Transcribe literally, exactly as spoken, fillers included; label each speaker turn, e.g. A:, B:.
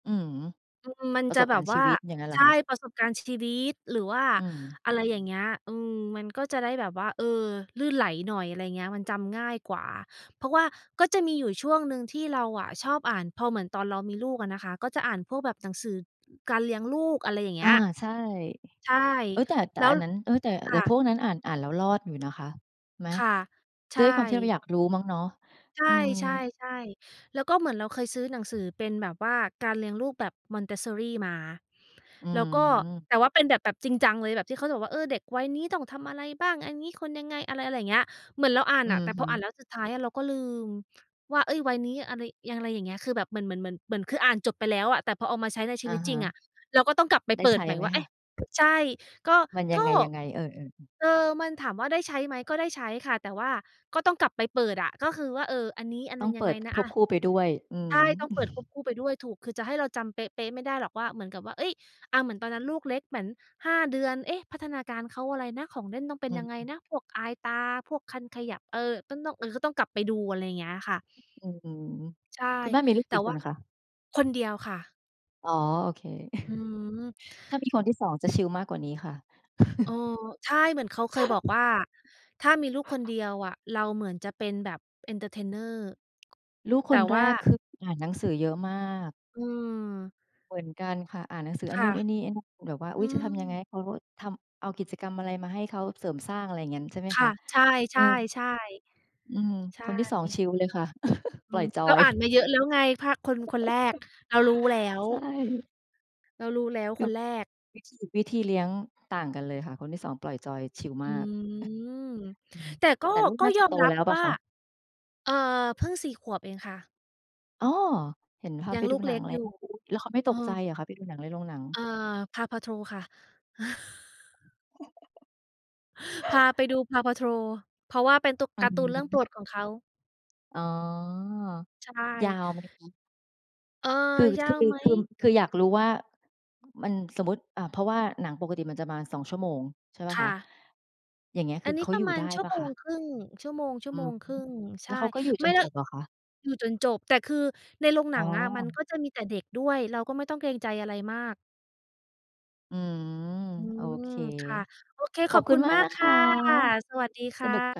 A: อืม
B: อืม มัน
A: ประ
B: จ
A: ส
B: ะ
A: บ
B: แบ
A: กา
B: บ
A: รณ์
B: ว
A: ชี
B: ่า
A: วิตอย่างงั้นเหร
B: ใช
A: อ
B: ่
A: คะ?
B: ประสบการณ์ชีวิต หรือว่า
A: อืม
B: อะไรอย่างเงี้ย อืม มันก็จะได้แบบว่า เออ ลื่นไหลหน่อย อะไรอย่างเงี้ย มันจำง่ายกว่า เพราะว่าก็จะมีอยู่ช่วงหนึ่งที่เราอะชอบอ่าน พอเหมือนตอนเรามีลูกอะนะคะ ก็จะอ่านพวกแบบหนังสือการเลี้ยงลูก อะไรอย่างเง
A: อ
B: ี
A: า
B: ้ย
A: ใช่
B: ใช่
A: เอ๊ย แต่ แต
B: แ
A: ่
B: ล้ว
A: อันนั้น เอ๊ย แต่
B: ค
A: แต
B: ่
A: ่พ
B: ะ
A: วกนั้นอ่าน อ่านแล้วรอดอยู่นะคะ ไหม?
B: ค่ะ ใช
A: ด้วยความที่เรา
B: ่
A: อยากรู้มั้งเนาะ
B: ใช่
A: อื
B: ใช่
A: ม
B: ใช่ แล้วก็เหมือนเราเคยซื้อหนังสือเป็นแบบว่าการเลี้ยงลูกแบบ Montessori มา
A: อื
B: แล้วก็
A: ม
B: แต่ว่าเป็นแบบ แบบจริงจังเลยแบบที่เขาจะบอกว่า เออ เด็กวัยนี้ต้องทำอะไรบ้าง? อันนี้ควรยังไง? อะไร อะไรอย่างเงี้ย เหมือนเราอ่าน
A: อื
B: น่ะ
A: อ
B: แต่
A: ฮ
B: พ
A: ึ
B: ออ่านแล้วสุดท้ายอะเราก็ลืมว่า เอ๊ย วัยนี้อะไร อย่างไรอย่างเงี้ย คือแบบเหมือน เหมือน เหมือน เหมือน คืออ่านจบไปแล้วอะ แต่พอเอามาใช้ในช
A: อ
B: ี
A: ะ
B: วิต
A: ฮ
B: จริงอ
A: ะ
B: ะ เราก็ต้องกลับไป
A: ได
B: เ
A: ้
B: ปิ
A: ใช
B: ด
A: ้
B: ใหม่
A: ไหม
B: ว่า เ
A: ค
B: อ๊
A: ะ?
B: ะ ใช่ ก็
A: มันย
B: ก
A: ั
B: ็
A: งไง ยังไง เออ ๆ อือ
B: เออ มันถามว่าได้ใช้ไหม? ก็ได้ใช้ค่ะ แต่ว่าก็ต้องกลับไปเปิดอะ ก็คือว่า เออ อันนี้อัน
A: ต
B: น
A: ้
B: ั
A: อ
B: ้
A: ง
B: นย
A: เป
B: ังไ
A: ิ
B: ง
A: ด
B: นะ
A: ค
B: อ
A: วบ
B: ะ
A: คู่ไปด้วย อื
B: ใช
A: ม
B: ่ ต้องเปิดควบคู่ไปด้วย ถูก คือจะให้เราจำเป๊ะ ๆ ไม่ได้หรอกว่า เหมือนกับว่า เอ๊ย อะ เหมือนตอนนั้นลูกเล็กเหมือน ห้า เดือน เอ๊ะ พัฒนาการเขาอะไรนะ? ของเล่นต้องเป็
A: อ
B: น
A: ื
B: ยังไง
A: ม
B: นะ? พวกอายตา พวกคันขยับ เออ ก็ต้อง เออ ก็ต้องกลับไปดู อะไรอย่างเงี้ยค่ะ
A: อืม
B: ใช่
A: คุณแม่มีลูก
B: แต
A: ก
B: ่
A: ี่
B: ว
A: ค
B: ่า
A: นอะคะ?
B: คนเดียวค่ะ
A: อ๋อ โอเค
B: อืม
A: ถ้ามีคนที่ สอง จะชิลมากกว่านี้ค่ะ
B: เออ ใช่ เหมือนเขาเคยบอกว่า ถ้ามีลูกคนเดียวอะ เราเหมือนจะเป็นแบบ entertainer
A: ลูก
B: แต
A: ค
B: ่
A: นแ
B: ว
A: ร
B: ่า
A: ก คือ อ่านหนังสือเยอะมาก
B: อืม
A: เหมือนกันค่ะ อ่านหนังสือไ
B: ค
A: อ้
B: ่
A: น
B: ะ
A: ู่น ไอ้นี่ ไอ้นั่น แบบว่า
B: อ
A: อ
B: ื
A: ุ๊ย จะทำยังไง
B: ม
A: ให้เขาทำ เอากิจกรรมอะไรมาให้เขาเสริมสร้าง อะไรอย่างงั้น ใช่ไหม
B: ค
A: ค
B: ่
A: ะ?
B: ะ ใช
A: เออ
B: ่ ๆ
A: อืม
B: ๆ ใช
A: คนที่ สอง
B: ่
A: ชิลเลยค่ะ
B: อ
A: ป
B: ื
A: ล่อย
B: ม
A: จอ
B: เรา
A: ย
B: อ่านมาเยอะ แล้วไงพะ คน คนแรก เรารู้แล้ว
A: ใช่
B: เรารู้แล้วคนแรก
A: วิธี วิธีเลี้ยงต่างกันเลยค่ะ คนที่ สอง ปล่อยจอยชิล
B: อ
A: ม
B: ื
A: าก
B: ม
A: อืม
B: แต่ก็
A: แต่ลูก
B: ก็
A: น่าจ
B: ย
A: ะ
B: อ
A: โต
B: มรั
A: แล
B: บ
A: ้วเปล
B: ว
A: ่า
B: ่า
A: คะ?
B: เออ เพิ่ง สี่ ขวบเองค่ะ
A: อ๋อ เห็นพา
B: ยั
A: ไป
B: งล
A: ด
B: ู
A: ู
B: กเ
A: หนั
B: ล็
A: ง
B: ก
A: แล้
B: อย
A: ว
B: ู่
A: แล้วเขาไม่
B: เ
A: ต
B: อ
A: กใจ
B: อ
A: เหรอคะไปดูหนังในโรงหนัง?
B: เออ PAW Patrol ค่ะ พาไปดู PAW Patrol เพราะว่าเป็นตู
A: อื
B: ก
A: อ
B: าร์ตูนเรื่องโ
A: ฮ
B: ปร
A: ึ
B: ดของเขา
A: อ๋อ
B: ใช
A: ยา
B: ่
A: วไหมคะ?
B: เออ
A: คือ
B: ยา
A: คือ
B: วไหม?
A: คือ คืออยากรู้ว่า มันสมมุติ อา เพราะว่าหนังปกติมันจะประมาณ สอง ชั่วโมง ใช่เปล่า
B: ค
A: ค
B: ่
A: ะ?
B: ะ
A: อย่างเงี้ย ค
B: อั
A: ือ
B: นนี
A: เข
B: ้
A: า
B: ปร
A: อย
B: ะ
A: ู่
B: มา
A: ได
B: ณ
A: ้
B: ชั่
A: เป
B: ว
A: ล่า
B: โม
A: คะ?
B: งครึ่ง ชั่วโมง ชั่
A: อ
B: ว
A: ื
B: โม
A: ม
B: งครึ่ง ใ
A: แ
B: ช
A: ล้วเข
B: ่
A: าก็อยู่จ
B: ไม่
A: น
B: แล
A: จ
B: ้ว
A: บเหรอคะ?
B: อยู่จนจบ แต่คือในโรงห
A: อ
B: น
A: ๋
B: ังอะ มัน
A: อ
B: ก็จะมีแต่เด็กด้วย เราก็ไม่ต้องเกรงใจอะไรมาก
A: อืม
B: อื
A: โอ
B: ม
A: เค
B: ค่ะ โอเค
A: ข
B: ข
A: อ
B: อ
A: บ
B: บ
A: คุ
B: คุ
A: ณ
B: ณ
A: มา
B: ม
A: ก
B: า
A: น
B: ก
A: ะ
B: ค
A: ค
B: ่
A: ะ
B: ะ สวัสดีค
A: ส
B: ่
A: นุกจั
B: ะ
A: ง